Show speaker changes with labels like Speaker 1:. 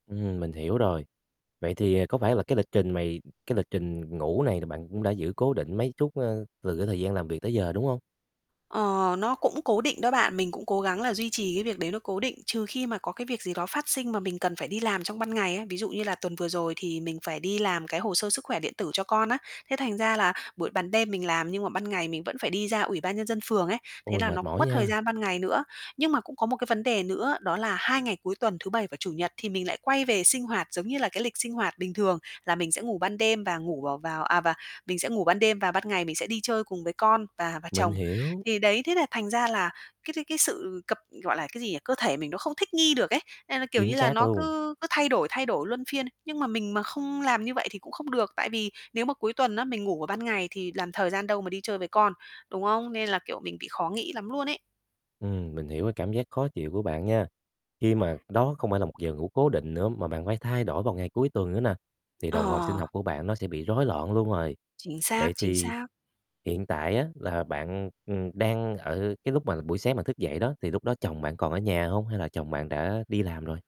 Speaker 1: Ừm, mình hiểu rồi. Vậy thì có phải là cái lịch trình mày cái lịch trình ngủ này thì bạn cũng đã giữ cố định mấy chút, ơ, từ cái thời gian làm việc tới giờ, đúng hông?
Speaker 2: Ờ, nó cũng cố định đó bạn. Mình cũng cố gắng là duy trì cái việc đấy nó cố định, trừ khi mà có cái việc gì đó phát sinh mà mình cần phải đi làm trong ban ngày ấy. Ví dụ như là tuần vừa rồi thì mình phải đi làm cái hồ sơ sức khỏe điện tử cho con á. Thế thành ra là buổi ban đêm mình làm nhưng mà ban ngày mình vẫn phải đi ra Ủy ban nhân dân phường ấy, thế
Speaker 1: Ôi,
Speaker 2: là nó
Speaker 1: mệt
Speaker 2: cũng
Speaker 1: mỏi
Speaker 2: mất thời
Speaker 1: nha.
Speaker 2: gian ban ngày nữa. Nhưng mà cũng có một cái vấn đề nữa đó là 2 ngày cuối tuần thứ Bảy và Chủ nhật thì mình lại quay về sinh hoạt giống như là cái lịch sinh hoạt bình thường là mình sẽ ngủ ban đêm và ngủ vào vào à, và mình sẽ ngủ ban đêm và ban ngày mình sẽ đi chơi cùng với con và và
Speaker 1: Mình
Speaker 2: chồng.
Speaker 1: hiểu.
Speaker 2: Thì đấy, thế là thành ra là cái cái sự cập gọi là, cái gì nhỉ, cơ thể mình nó không thích nghi được ấy, nên là, kiểu như
Speaker 1: Chính
Speaker 2: là,
Speaker 1: xác
Speaker 2: nó
Speaker 1: luôn.
Speaker 2: cứ cứ thay đổi, thay đổi luân phiên. Nhưng mà mình mà không làm như vậy thì cũng không được, tại vì nếu mà cuối tuần á, mình ngủ ở ban ngày thì làm thời gian đâu mà đi chơi với con, đúng không? Nên là, kiểu, mình bị khó nghĩ lắm luôn ấy.
Speaker 1: Ừm, mình hiểu cái cảm giác khó chịu của bạn nha. Khi mà đó không phải là một giờ ngủ cố định nữa mà bạn phải thay đổi vào ngày cuối tuần nữa nà, thì đồng hồ sinh
Speaker 2: Ờ.
Speaker 1: học của bạn nó sẽ bị rối loạn luôn rồi.
Speaker 2: Chính xác,
Speaker 1: Vậy
Speaker 2: chính
Speaker 1: thì
Speaker 2: xác.
Speaker 1: hiện tại á, là bạn, ừm, ừm, đang ở cái lúc mà buổi sáng thức dậy đó, thì lúc đó chồng bạn còn ở nhà hông, hay là chồng bạn đã đi làm rồi?